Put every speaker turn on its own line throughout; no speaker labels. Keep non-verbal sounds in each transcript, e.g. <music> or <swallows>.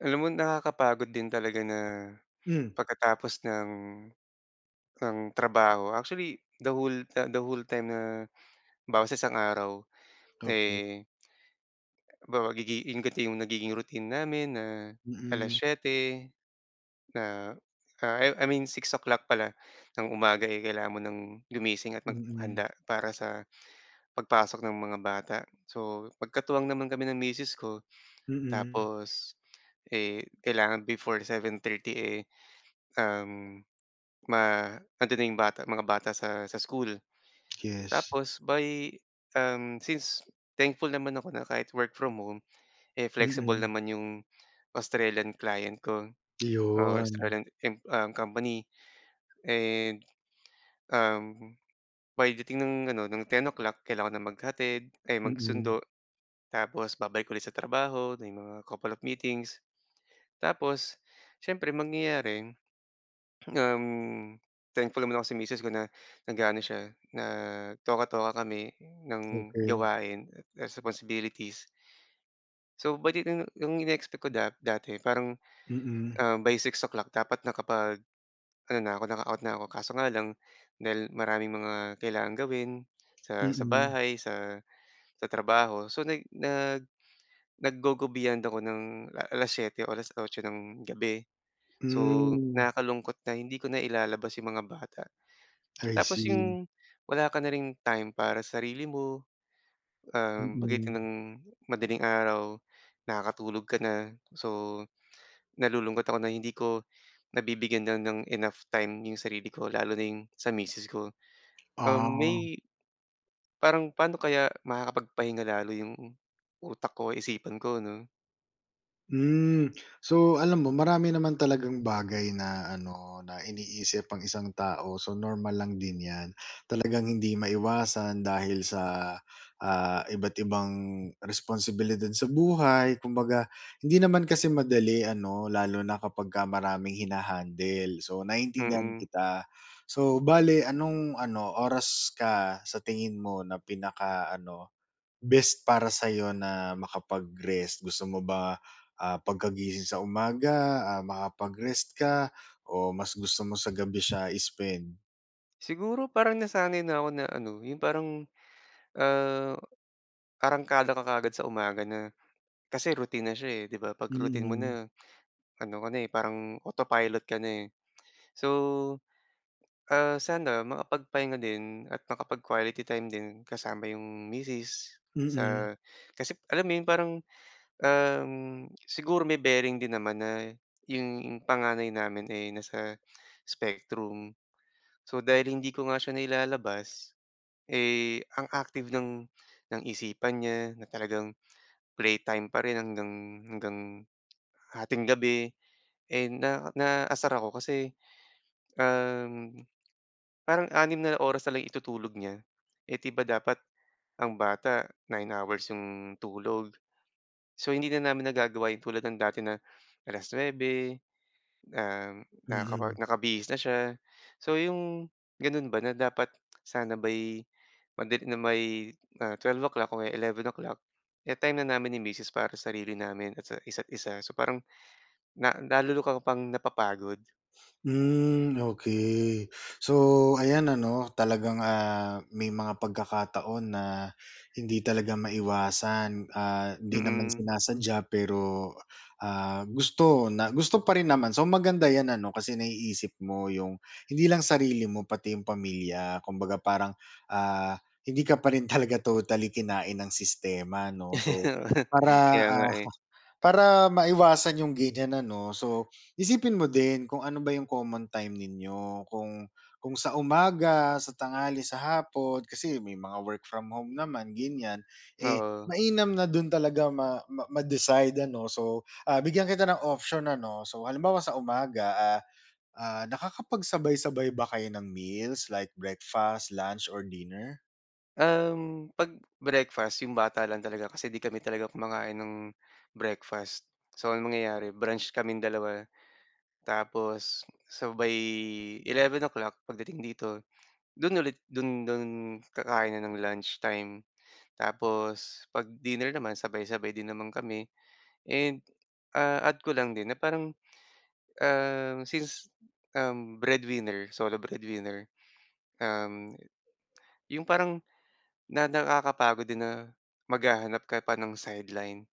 Alam mo, nakakapagod din talaga na,
Mm.
pagkatapos ng ng trabaho. Actually, the whole, the the whole time na, halimbawa sa isang araw,
Okey.
eh halimbawa, gigi 'yung ganito 'yung nagiging routine namin na
Mm.
7:00, na, ah, I I mean 6:00 pala ng umaga, eh, kailangan mo ng gumising at
Mm.
maghanda para sa pagpasok ng mga bata. So, magkatuwang naman kami ng misis ko.
Mm.
Tapos, eh, kailangan before 7:30, eh, um, ma andon na 'yong bata, mga bata sa sa school.
Yes.
Tapos, by, um, since thankful naman ako na kahit work from home, eh, flexible
Mm.
naman 'yung Australian client ko or
Iyon.
Australian, im um, company. And, um, pagdating ng ano, ng 10:00, kailangan ng maghatid, ay
Mm.
magsundo. Tapos, babalik ulit sa trabaho. Na may mga couple of meetings. Tapos, siyempre, mangyayari, um, thankful naman ako sa miss ko na, nag-a-ano siya, na toka-toka kami ng
Okey.
gawain at at responsibilities. So, badi ah, 'yung ini-expect ko da dati parang,
Mm.
um, by 6:00 dapat na kapag ano na ko, naka-out na ako kaso nga lang, dahil maraming mga kailangang gawin sa sa
Mm.
bahay, sa sa trabaho. So, nag nag nag-go, go beyond ako ng, la 7:00 o 8:00 ng gabi. So,
Hmm.
nakakalungkot na hindi ko nailalabas 'yong mga bata.
I
Tapos,
see.
'yung wala ka na ring time para sarili mo, um, pagitan
Mm.
ng madaling-araw, nakakatulog ka na. So, nalulungkot ako na hindi ko nabibigyan na ng enough time 'yung sarili ko. Lalo na 'yung sa misis ko. Um,
Ah.
may parang, paano kaya makakapagpahinga lalo 'yong utak ko, isipan ko 'no?
Hmm. So, alam mo marami naman talagang bagay na ano, na iniisip ang isang tao. So, normal lang din 'yan. Talagang hindi maiwasan dahil sa, ah, iba't ibang responsibilidad sa buhay kumbaga hindi naman kasi madali ano, lalo na kapagka maraming hina-handle. So, naintindihan
Mm.
kita. So, bale anong ano oras ka sa tingin mo na pinaka-ano, best para sa'yo na makapag-rest? Gusto mo ba, ah, pagkagising sa umaga, ah, makapag-rest ka o mas gusto mo sa gabi siya i-spend?
Siguro, parang nasanay na ako na ano, yung parang, ah, arangkada ka kaagad sa umaga na kasi routine na siya, eh, 'di ba? 'Pag routine mo
Mm.
na, ano ka na, eh, parang autopilot ka na, eh. So, ah, sana makapagpahinga din at makapag-quality time din kasama yung misis
Mm.
sa kasi alam mo yung parang, um, siguro may bearing din naman, na yung panganay namin, eh, nasa spectrum. So, dahil hindi ko nga siya nailalabas, eh, ang active ng ng isipan niya, na talagang playtime pa rin hanggang hanggang hating gabi. And, na naaasar ako kasi, um, parang 6 na oras na lang itutulog niya, eh, di ba dapat ang bata 9 hours yung tulog. So, hindi na namin nagagawa yung tulad ng dati na 9:00, um, nakaka
Mm.
nakabihis na siya. So, yung gano'n ba, na dapat sana by pagdating ng may, ah, 12:00 o, e 11:00 eh, time na namin ni misis para sarili namin, at sa isa't-isa. So, parang na lalo ako pang napapagod.
Hmm, okey. So, ayan ano, talagang, ah, may mga pagkakataon na hindi talaga maiwasan, ah, hindi naman
Mm.
sinasadya pero, ah, gusto na gusto pa rin naman. So, maganda 'yan ano, kasi naiisip mo yung hindi lang sarili mo, pati yung pamilya kumbaga parang, ah, hindi ka pa rin talaga totally kinain ng sistema 'no, so
<chuckles>
para,
Kaya nga,
ah,
eh.
<chuckles> para maiwasan yung ganiyan ano, so isipin mo din kung ano ba yung common time ninyo kung kung sa umaga, sa tanghali, sa hapon. Kasi may mga work from home naman, ganiyan. Eh,
Oo.
mainam na dun talaga ma ma ma-decide ano, so, ah, bigyan kita ng option ano. So, halimbawa sa umaga, ah, ah, nakakapagsabay-sabay ba kayo ng meals like, breakfast, lunch or dinner?
Um, ’pag breakfast, ’yong bata lang talaga kasi ’di kami talaga kumakain ng breakfast. So, ang mangyayari brunch kaming dalawa, tapos sabay 11:00, pagdating dito, do'n ulit do'n do'n kakain na ng lunchtime. Tapos ’pag dinner naman sabay-sabay din naman kami, and, ah, add ko lang din na parang, um, since, um, breadwinner, solo breadwinner, um, ’yong parang, na nakakapagod din na maghahanap ka pa ng sideline,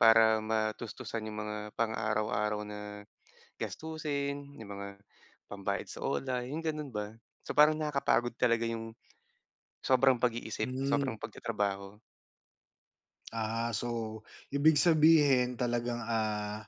para matustusan ’yong mga pang-araw-araw na, gastusin, ’yong mga pambayad sa OLA, ’yong gano'n ba? So parang nakakapagod talaga ’yong, sobrang pag-iisip, sobrang
Hmm.
pagtatrabaho.
Ah, so, ibig sabihin talagang ah,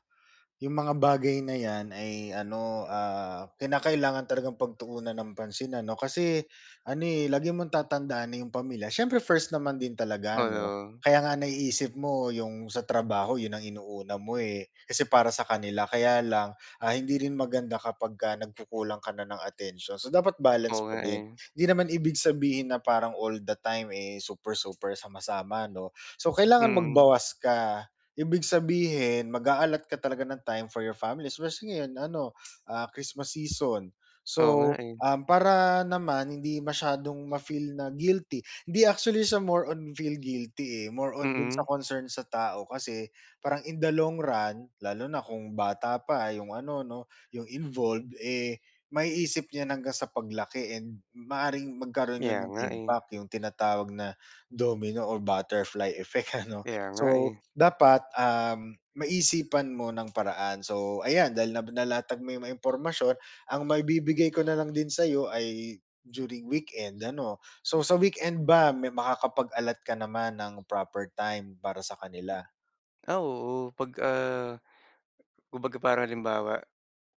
’yong mga bagay na ’yan ay ano, ah, kinakailangan talagang pagtuunan ng pansin ano, kasi ano eh, lagi mong tatandaan na ’yong pamilya siyempre first naman din talaga, ’no?
Oo.
Kaya nga naiisip mo ’yong sa trabaho ’yon ang inuna mo eh, kasi para sa kanila, kaya lang, ah, hindi rin maganda kapagka nagkukulang ka na ng atensyon. So dapat balance
Oo
pa
nga
din.
eh.
Hindi naman ibig sabihin na parang all the time eh, super-super, sama-sama ’no? So kailangan
Mm.
magbawas ka. Ibig sabihin mag-aallot ka talaga ng time for your family especially ngayon ano, ah, Christmas season.
Oo nga
So,
eh.
um, para naman hindi masyadong ma-feel na guilty, ’di actually siya more on feel guilty eh, more on do’n sa
Mm.
concern sa tao kasi, parang in the long run, lalo na kung bata pa ’yong ano, 'no, ’yong involved, eh, maiisip niya na hanggang sa paglaki and maaaring magkaroon ’yon
Kaya
ng
nga eh.
impact, ’yong tinatawag na domino or butterfly effect ano?
Kaya nga
So,
eh.
dapat um, maisipan mo ng paraan. So ayan, dahil nab nalatag mo ’yong mga impormasyon, ang maibibigay ko na lang din sa’yo ay, during weekend, ano? So sa weekend ba may makakapag-allot ka naman ng proper time para sa kanila?
Ah, oo, 'pag ah, kumbaga parang halimbawa,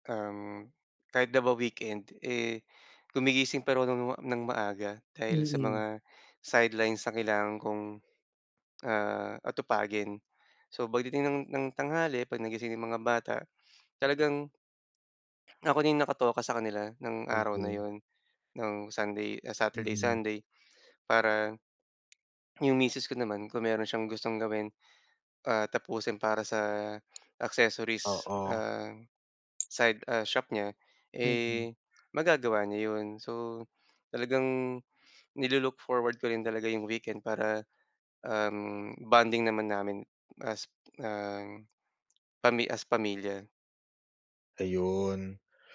um, kahit na ba weekend, eh, gumigising pareho ng ng maaga, dahil sa
Mm.
mga sidelines na kailangan kong, ah, atupagin. So pagdating ng ng tanghali 'pag nagising 'yong mga bata, talagang Ako din nakatoka sa kanila ng araw na
Okey.
'yon, ng Sunday ah, Saturday,
Mm.
Sunday, para, <swallows> 'yong misis ko naman kung meron siyang gustong gawin, ah, tapusin para sa accessories,
Oo.
ah, side ah, shop niya,
Mm.
eh, magagawa niya 'yon. So, talagang ni-lo-look forward ko rin talaga 'yong weekend para, um, bonding naman namin as, ah, <swallows> pami as pamilya.
Ayun.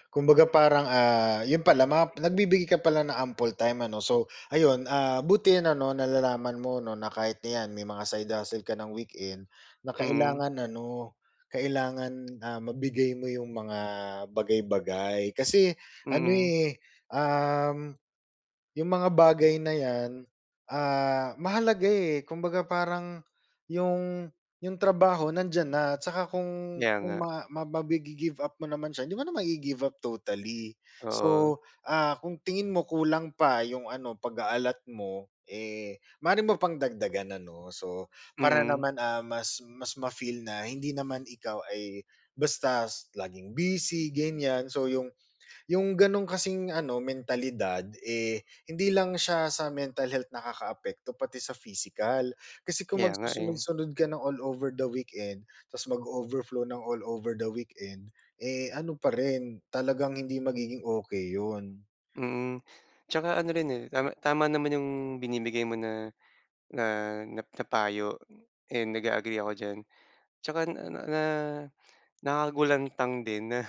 Kumbaga parang, ah, yun pala mga nagbibigay ka pala ng ample time ano. So, ayun, ah, buti 'yan ano, nalalaman mo 'no, na kahit 'yan, na may mga side hustle ka ng weekend, na
Hmm.
kailangan ano, kailangan, ah, mabigay mo yung mga bagay-bagay. Kasi ano,
Mm.
eh, um, yung mga bagay na 'yan, ah, mahalaga, eh, kumbaga parang yung yung trabaho, nandiyan na. Tsaka kung
Kaya
kung
nga.
ma maba magi-give up mo naman siya, hindi mo na magi-give up totally.
Oo.
So, ah, kung tingin mo, kulang pa yung ano, pag-a-allot mo, eh, maaari mo pang dagdagan ano, so para
Mm.
naman, ah, mas mas ma-feel na hindi naman ikaw ay basta s laging busy ganiyan, so yung yung ganun kasing ano, mentalidad, eh, hindi lang siya sa mental health nakakaapekto, pati sa physical. Kasi kung
Kaya nga, eh.
magsusunod-sunod ka ng all over the weekend ta's mag-overflow ng all over the weekend, eh, ano pa rin, talagang hindi magiging okey yun.
Hmm. Tsaka ano rin, eh, tama tama naman yung binibigay mo na na na na na payo, and nag-a-agree ako diyan. Tsaka na na na nakakagulantang din na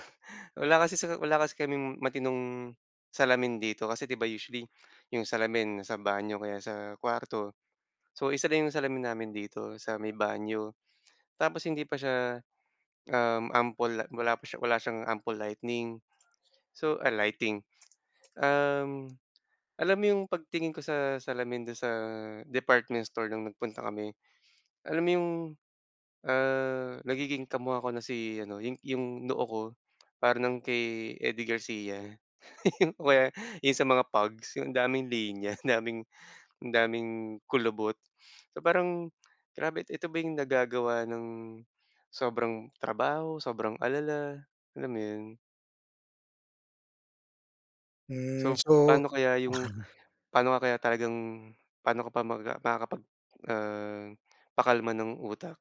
wala kasi sa wala kasi kaming matinong salamin dito kasi 'di ba, usually yung salamin nasa banyo o kaya sa kuwarto. So, isa lang yung salamin namin dito sa may banyo. Tapos hindi pa siya, um, ample at wala pa wala siyang ample lightning, so, ah, lighting. Um, alam mo yung pagtingin ko sa salamin dun sa department store nung nagpunta kami. Alam mo yung, ah, nagiging kamuka ko na si ano, yung yung noo ko, para ng kay Eddie Garcia <laughs> o kaya yung sa mga pugs, yung daming linya, daming, ang daming kulubot. So parang, grabe. Ito ba yung nagagawa ng sobrang trabaho, sobrang alala, alam mo 'yon.
Hmm
So,
so.
paano kaya 'yung, pa'no ka kaya talagang pa'no ka pa mag ah, makakapag, ah, pakalma ng utak?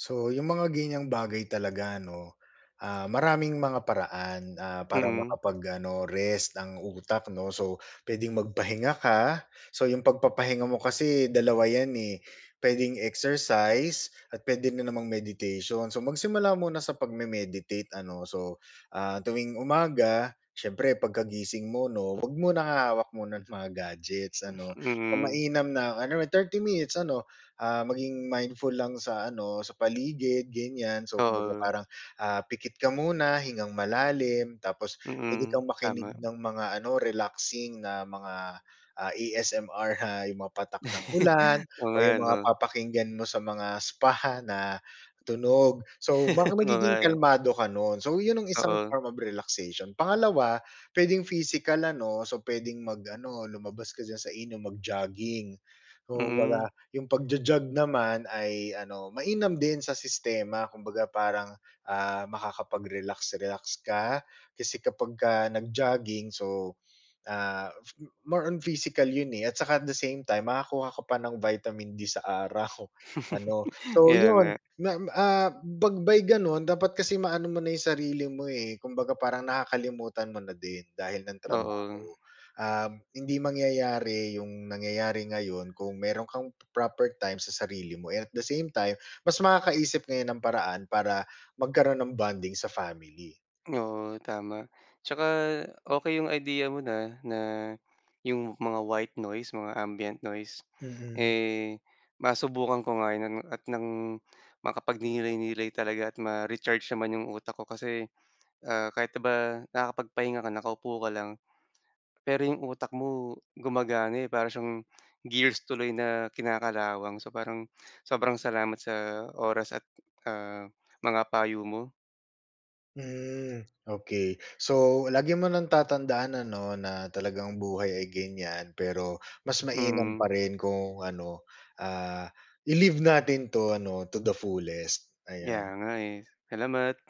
So, 'yung mga ganyang bagay talaga 'no, ah, maraming mga paraan, ah, para
Mm.
makapag-ano rest ang utak 'no. So pwedeng magpahinga ka, so 'yung pagpapahinga mo kasi dalawa 'yan eh, pwedeng exercise at pwede na namang meditation. So magsimula muna sa pagme-meditate ano. So, ah, tuwing umaga, siyempre pagkagising mo 'no, 'wag munang hahawak muna ng mga gadgets ano,
Mm.
mainam na, ano, 30 minutes, ano ah, maging mindful lang sa ano, sa paligid ganyan. So kumbaga
Oo.
parang, ah, pikit ka muna, hingang malalim, tapos pwede
Mm,
kang makinig
tama.
ng mga ano, relaxing na mga, ah, ASMR, na 'yung mga patak ng ulan
<laughs> Oo
o
nga
'yung mga
'no.
papakinggan mo sa mga spa, ha, na tunog. So ma
<laughs> Oo nga
magiging
eh.
kalmado ka nun, so 'yun ang isang
Oo.
form of relaxation. Pangalawa, pwedeng physical ano, so pwedeng mag-ano lumabas ka diyan sa inyo, mag-jogging. Oo kumbaga,
Mm.
'yung pagjo-jog naman ay ano, mainam din sa sistema. Kumbaga parang, ah, makakapag-relax-relax ka, kasi kapagka nag-jogging, so, ah, more on physical 'yun eh, at saka at the same time, makakuha ka pa ng vitamin D sa araw, ano.
<laughs>
So
Kaya nga.
'yun ma, ah, 'pag may ganun dapat kasi maano mo na yung sarili mo eh, kumbaga parang nakakalimutan mo na din dahil ng
Oo.
trabaho. Um, hindi mangyayari 'yung nangyayari ngayon kung meron kang proper time sa sarili mo, and at the same time mas makakaisip ngayon ng paraan para magkaroon ng bonding sa family.
Oo tama. Tsaka okey 'yung idea mo na, na 'yung mga white noise mga, ambient noise.
Mhm.
Eh masubukan ko nga 'yan at ng makapagnilay-nilay talaga at ma-recharge naman 'yung utak ko. Kasi, ah, kahit 'di ba, nakakapagpahinga ka nakaupo ka lang, pero 'yung utak mo gumagana eh, para siyang gears tuloy na kinakalawang. So parang sobrang salamat sa oras at ah, mga payo mo.
Hmm okey. So lagi mo ng tatandaan ano, na talagang buhay ay ganyan. Pero mas mainam
Mm.
pa rin kung ano, ah, i-live natin 'to ano, to the fullest,
Kaya
ayan.
nga eh, salamat!